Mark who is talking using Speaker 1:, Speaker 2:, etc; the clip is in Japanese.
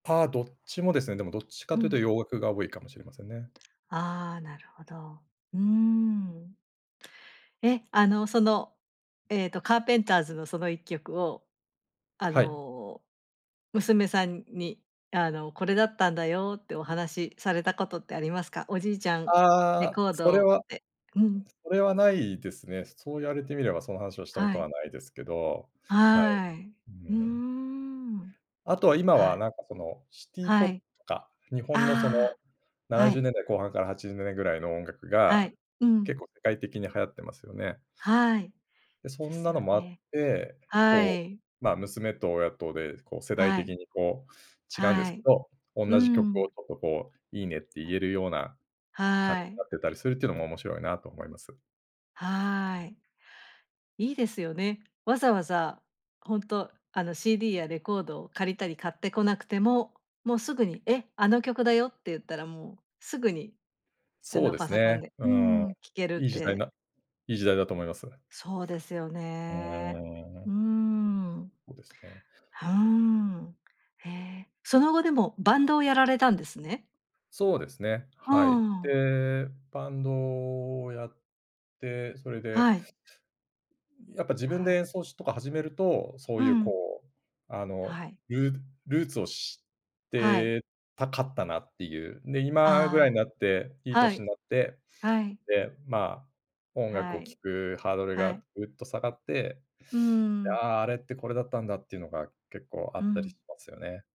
Speaker 1: ぱ、どっちもですね、でもどっち
Speaker 2: う
Speaker 1: かというと
Speaker 2: ん。
Speaker 1: 洋楽が多いかもしれませんね。
Speaker 2: ああ、なるほど。うん。え、あの、その、ええとカーペンターズの、その一曲を、あ
Speaker 1: はい。
Speaker 2: の、娘さんに、あの「これだったんだよ」ってお話されたことってありますか？おじいちゃん、
Speaker 1: あ
Speaker 2: レ
Speaker 1: あ、
Speaker 2: コー
Speaker 1: それ
Speaker 2: ドっ
Speaker 1: は
Speaker 2: て。うん。
Speaker 1: それは無いですね。そそう言われてみれば、その話をしたこ
Speaker 2: は
Speaker 1: とは
Speaker 2: い。
Speaker 1: 無いですけど、はい。
Speaker 2: はい。
Speaker 1: うう
Speaker 2: うー
Speaker 1: うん。
Speaker 2: ん。
Speaker 1: あとは今
Speaker 2: は
Speaker 1: は、
Speaker 2: い。
Speaker 1: なんかその、シティポ
Speaker 2: は
Speaker 1: ッ
Speaker 2: い。
Speaker 1: とか、日本のそ
Speaker 2: あ
Speaker 1: の、
Speaker 2: あ。
Speaker 1: なな
Speaker 2: は
Speaker 1: じゅう
Speaker 2: い。
Speaker 1: ねんだい後半から80年ぐらいの音楽
Speaker 2: は
Speaker 1: が、
Speaker 2: い、うん。
Speaker 1: 結構世界的に流行ってますよね。
Speaker 2: はい、
Speaker 1: で、そ
Speaker 2: で
Speaker 1: ん
Speaker 2: す
Speaker 1: なの
Speaker 2: よ
Speaker 1: もあっ
Speaker 2: ね。
Speaker 1: て、
Speaker 2: は
Speaker 1: こう、
Speaker 2: い。
Speaker 1: ま、娘と親とで、こう、世代
Speaker 2: はい。
Speaker 1: 的にこう、違うんで
Speaker 2: は
Speaker 1: すけ
Speaker 2: い。
Speaker 1: ど、おん
Speaker 2: う
Speaker 1: なじ曲
Speaker 2: ん。
Speaker 1: をちょっとこう、いいねって言
Speaker 2: あ、
Speaker 1: えるような、感じ
Speaker 2: は
Speaker 1: な
Speaker 2: い。
Speaker 1: ってたりするっていうのも面白いなと思います。
Speaker 2: はい。いいですよね。わざわざ、ほんと、あの、CD やレコードを借りたり買ってこなくても、もうすぐに「え、あの曲だよ」って言ったら、もうすぐに、あ
Speaker 1: そう
Speaker 2: の、
Speaker 1: で
Speaker 2: パ
Speaker 1: す
Speaker 2: ソコン
Speaker 1: ね、
Speaker 2: で
Speaker 1: う
Speaker 2: う
Speaker 1: ん、
Speaker 2: ん、聞ける
Speaker 1: い
Speaker 2: っ
Speaker 1: い時代
Speaker 2: て。
Speaker 1: ないい時代だと思います。
Speaker 2: そうですよ
Speaker 1: う
Speaker 2: ね。
Speaker 1: ー
Speaker 2: う
Speaker 1: ん。
Speaker 2: ーん。
Speaker 1: おですね。
Speaker 2: ふーん。へえ。その後、でも、バンドをやられたんですね。
Speaker 1: そうですね、
Speaker 2: う
Speaker 1: はい。
Speaker 2: ん。
Speaker 1: で、バンドをやって、それで
Speaker 2: はい。
Speaker 1: やっぱ自分
Speaker 2: は
Speaker 1: で
Speaker 2: い。
Speaker 1: 演奏しとか始めると、そ
Speaker 2: う
Speaker 1: ういう
Speaker 2: ん。
Speaker 1: こう、あの、
Speaker 2: はい。
Speaker 1: ルールーツを知っ
Speaker 2: はい。
Speaker 1: てたかったなっていう。で、今ぐらいに
Speaker 2: あ
Speaker 1: なって、いい
Speaker 2: あ、は
Speaker 1: 年
Speaker 2: い、
Speaker 1: んなって、
Speaker 2: はい。
Speaker 1: で、まあ、音楽
Speaker 2: は
Speaker 1: を
Speaker 2: い、
Speaker 1: 聴くハードル
Speaker 2: は
Speaker 1: が
Speaker 2: い。
Speaker 1: ぐっと下がって、
Speaker 2: うーん。
Speaker 1: だ、あれってこれだったんだっていうのが結構あ
Speaker 2: う
Speaker 1: ったりし
Speaker 2: ん。
Speaker 1: ますよね。